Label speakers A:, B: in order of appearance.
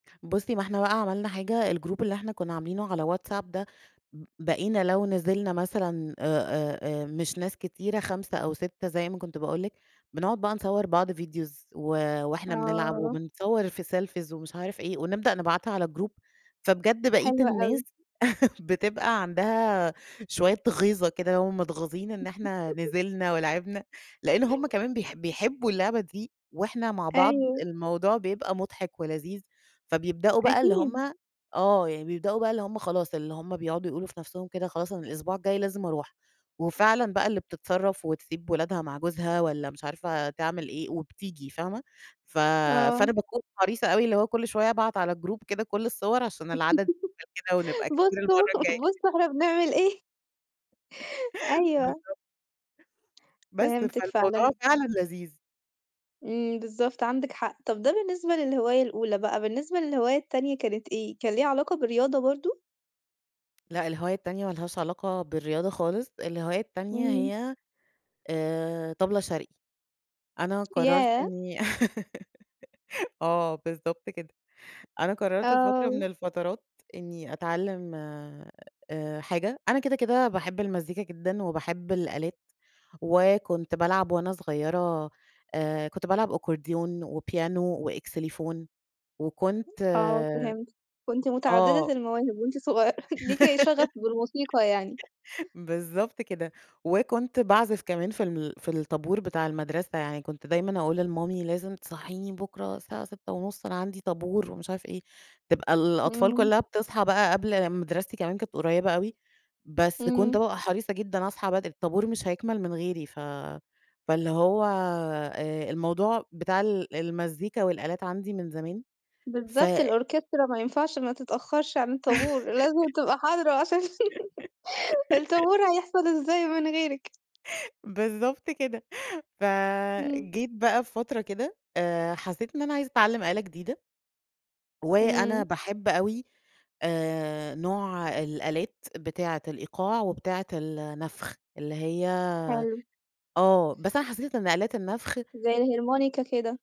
A: بُصّي، ما إحنا بقى عملنا حاجة، الGroup اللي إحنا كنا عاملينه على WhatsApp ده، ب بقينا لو نزلنا مثلًا آآ، آآ، آآ، مش ناس كتيرة، 5 أو 6 زي ما كنت باقول لِك، بنقعد بقى نصور بعض Videos و وإحنا بنلعب،
B: آه.
A: وبنصور في Selfies ومش عارف إيه، ونبدأ نبعتها على الGroup، فبجد بقية
B: حلو
A: الناس
B: أوي.
A: بتبقى عندها شوية غيظة كده، هُم متغاظين إن إحنا نزلنا ولعبنا، لأن هُم كمان بيح بيحبوا اللعبة دي، وإحنا مع بعض
B: أيوه.
A: الموضوع بيبقى مضحك ولذيذ. فبيبدؤوا بقى اللي
B: أكيد.
A: هُم آه، يعني بيبدؤوا بقى اللي هُم خلاص، اللي هُم بيقعدوا يقولوا في نَفسهم كده خلاص أنا الأسبوع الجاي لازم أروح، وفعلًا بقى اللي بتتصرف وتسيب ولادها مع جوزها والّا مش عارفة تعمل إيه وبتيجي فاهمة، ف
B: آه.
A: فأنا باكون حريصة أوي اللي هو كُلّ شوية أبعت على الGroup كده كُلّ الصور عشان العدد [unintelligible] كده ونبقى كتير
B: بصوا،
A: المَرّة الجاية.
B: بصوا إحنا بنعمل إيه. أيوه.
A: بالضبط. بس
B: فهمتِك
A: فالموضوع
B: فعلًا.
A: فعلًا لذيذ.
B: إمم، بالضبط عندِك حق، طَب ده بالنسبة للهواية الأولى بقى، بالنسبة للهواية التانية كانت إيه، كان لها علاقة بالرياضة برضو؟
A: لأ، الهواية التانية مالهاش علاقة بالرياضة خالص، الهواية التانية
B: إمم.
A: هي آآ، طبلة شرقي. أنا قررت
B: ياه!
A: إني آه، بالضبط كده، أنا قررت في فترة
B: آه.
A: من الفترات إني أتعلم آآ حاجة، أنا كده كده باحب المزيكا جدًا وباحب الآلات، وكنت بالعب وأنا صغيرة آآ، كنت بالعب Accordion وPiano وXylophone وكنت
B: آه فهمتِك، كنت
A: آه.
B: متعددة المواهب وأنتِ صغيّرة، ليكِ شغف بالموسيقى يعني.
A: بالضبط كده، وكنت باعزف كمان في الم في الطابور بتاع المدرسة، يعني كنت دايمًا أقول لمامي لازم تصحيني بُكرة الساعة 06:30، أنا عندي طابور ومش عارف إيه، تبقى الأطفال
B: إمم.
A: كلّها بتصحى بقى قبل مدرستي كمان كانت قريبة أوي، بس كنت
B: إمم.
A: بابقى حريصة جدًا أصحى بدري، الطابور مش هيكمل من غيري، ف فاللي هو آآ، الموضوع بتاع ال المزيكا والآلات عندي من زمان ف
B: بالضبط، الOrchestra ما ينفعش ما تتأخرش عن الطابور، لازم تبقى حاضرة عشان الطابور هيحصل إزاي من غيرِك.
A: بالضبط كده،
B: إمم.
A: فجيت بقى بفترة كده آآ، حسيت إن أنا عايزة اتعلم آلة جديدة. وأنا
B: إمم.
A: باحب أوي آآ، نوع الآلات بتاعة الإيقاع وبتاعة النفخ، اللي هي
B: حلو.
A: آه، بس أنا حسيت إن آلات النفخ
B: زي الHarmonica كده.